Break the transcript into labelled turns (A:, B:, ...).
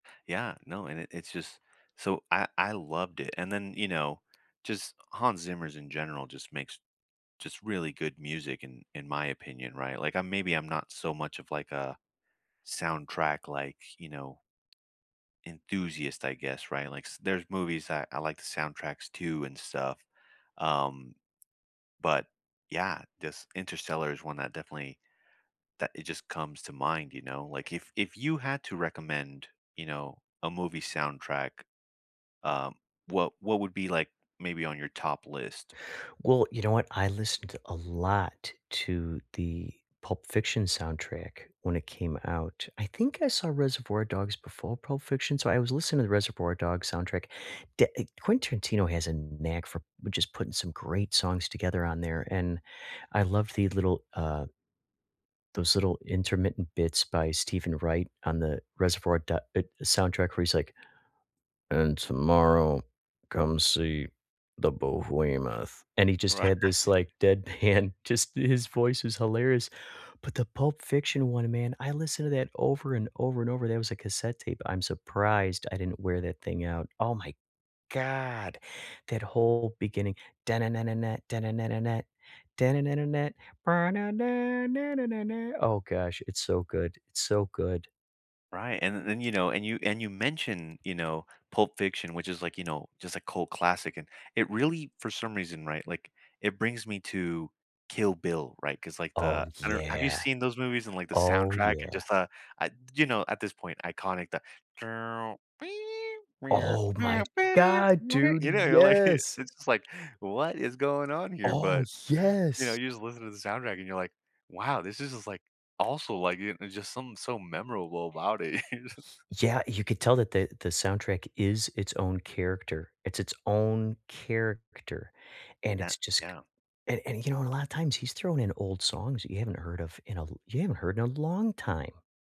A: Yeah, no, and it it's just so I I loved it, and then, you know, just Hans Zimmer's in general just makes just really good music in in my opinion, right, like, I'm maybe I'm not so much of, like, a soundtrack, like, you know enthusiast, I guess, right, like s there's movies that I like the soundtracks too and stuff, um, but, yeah, this Interstellar is one that definitely that it just comes to mind, you know, like, if if you had to recommend, you know, a movie soundtrack, um, what what would be, like, maybe on your top list?
B: Well, you know what? I listened a lot to the Pulp Fiction soundtrack when it came out. I think I saw Reservoir Dogs before Pulp Fiction, so I was listening to the Reservoir Dogs soundtrack. D eh Quentin Tarantino has a knack for which is putting some great songs together on there, and I love the little, uh those little intermittent bits by Stephen Wright on the Reservoir Do e soundtrack where he's like, "And tomorrow, come see the Behemoth," and he just
A: Right.
B: had this, like, deadpan. Just his voice is hilarious, but the Pulp Fiction one, man, I listen to that over and over and over, that was a cassette tape, I'm surprised I didn't wear that thing out. Oh, my god, that whole beginning. Oh gosh, it's so good, it's so good.
A: Right, and th then, you know, and you and you mentioned, you know, Pulp Fiction, which is, like, you know, just a cult classic, and it really for some reason, right, like, it brings me to Kill Bill, right 'cause, like,
B: Oh,
A: the I don't have you
B: yeah.
A: seen those movies and, like, the
B: Oh,
A: soundtrack and
B: yeah.
A: just, uh, I you know, at this point, iconic the
B: Oh, my god, dude,
A: You know, you're, like,
B: yes!
A: it's just like, what is going on here,
B: Oh,
A: but, you know,
B: yes!
A: you just listen to the soundtrack, you're like, wow, this is just, like, also, like, it's just something so memorable about it.
B: Yeah, you could tell that the the soundtrack is its own character, it's its own character, and
A: That
B: it's just c
A: Yeah.
B: and and, you know and a lotta times he's thrown in old songs that you haven't heard of in a you haven't heard in a long time.